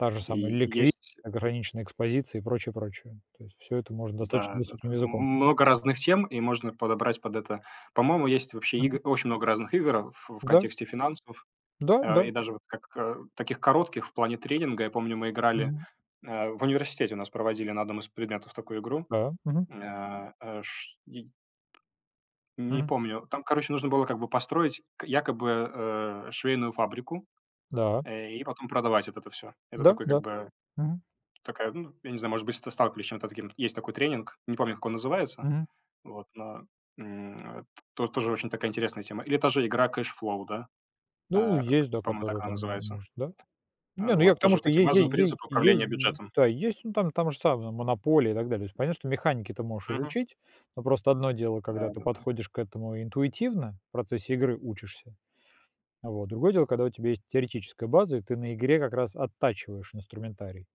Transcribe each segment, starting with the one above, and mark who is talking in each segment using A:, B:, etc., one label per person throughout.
A: Та же самая
B: И и
A: ликви
B: есть
A: ограниченная экспозиция и прочее, прочее. То есть всё это можно
B: Да
A: достаточно
B: да-да.
A: доступным
B: М
A: языком.
B: м много разных тем, и можно подобрать под это. По-моему, есть вообще
A: Мгм.
B: игы очень много разных игр, а, в в
A: Да.
B: контексте финансов.
A: Да,
B: А,
A: да.
B: и даже вот как, э, таких коротких в плане тренинга. Я помню, мы играли
A: Мгм.
B: э, в университете у нас проводили на одном из предметов такую игру.
A: Да. Мгм.
B: М, э, эш дидь Не
A: Мгм.
B: помню. Там, короче, нужно было как бы построить к якобы, э, швейную фабрику,
A: Да.
B: э, и потом продавать вот это всё. Это
A: Да,
B: такой как
A: да.
B: бы
A: Мгм.
B: такая, ну, я не знаю, может быть, ста сталкивались с чем-то таким, есть такой тренинг- не помню, как он называется,
A: Мгм.
B: вот, но, м, ат то тоже очень такая интересная тема. Или та же игра Кэшфлоу, да?
A: Ну,
B: Э к
A: есть, да,
B: по-моему, так
A: которая
B: она
A: там
B: называется.
A: может, да.
B: Э,
A: Не, ну я
B: вот.
A: к
B: Тоже
A: тому,
B: вот
A: что
B: такие
A: ей ей
B: базовые
A: ей
B: принципы управления
A: ей,
B: бюджетом.
A: да, есть. Ну, там там же самая "Монополия", и так далее. То есть понятно, что механики ты можешь
B: Мгм.
A: изучить, но просто одно дело,
B: Да
A: когда ты
B: да да.
A: подходишь к этому интуитивно, в процессе игры учишься, э, вот. Другое дело, когда у тебя есть теоретическая база, и ты на игре как раз оттачиваешь инструментарий.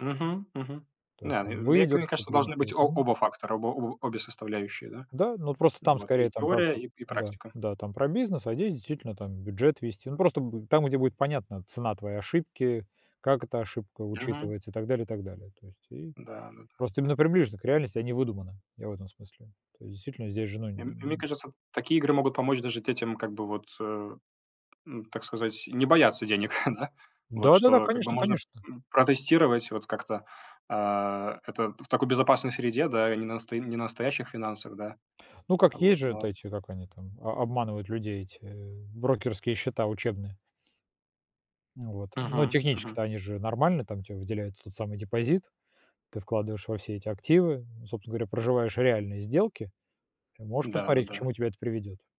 B: Мгм. Мгм.
A: То есть
B: Да, ну, и мне ка мне
A: выдержку
B: кажется, должны быть
A: трениру
B: о
A: Мгм.
B: оба фактора, оба обе составляющие, да.
A: Да, но от просто
B: Н
A: там
B: вот. И
A: скорее там прап
B: теория, и и
A: Да.
B: практика.
A: Да, там про бизнес, а здесь действительно там бюджет ввести. Ну, просто будет там, где будет понятна цена твоей ошибки, как эта ошибка
B: Мгм.
A: учитывается и так далее, и так далее. То есть и
B: Да
A: просто
B: да-да.
A: именно приближено к реальности, а не выдуманы, я в этом смысле. То есть действительно, здесь же ну н
B: И мь и мне
A: н
B: кажется, такие игры могут помочь даже детям как бы вот, э, м, так сказать, не бояться денег, да. Вот.
A: Да-да-да,
B: Что как бы
A: конечно,
B: можно,
A: конечно.
B: м, протестировать вот как-то, а, это т в такой безопасной среде, да, и не настои не настоящих финансах, да.
A: Ну как?
B: А вот,
A: Есть же от
B: но
A: эти, как они там, о обманывают людей, эти брокерские счета учебные. Вот. Ну
B: Мгм.
A: технически-то
B: Мгм.
A: они же нормальные, там те выделяют тот самый депозит, ты вкладываешь во все эти активы, собственно говоря, проживаешь реальные сделки и можешь
B: Да
A: посмотреть, к
B: да-да.
A: чему тебя это приведет.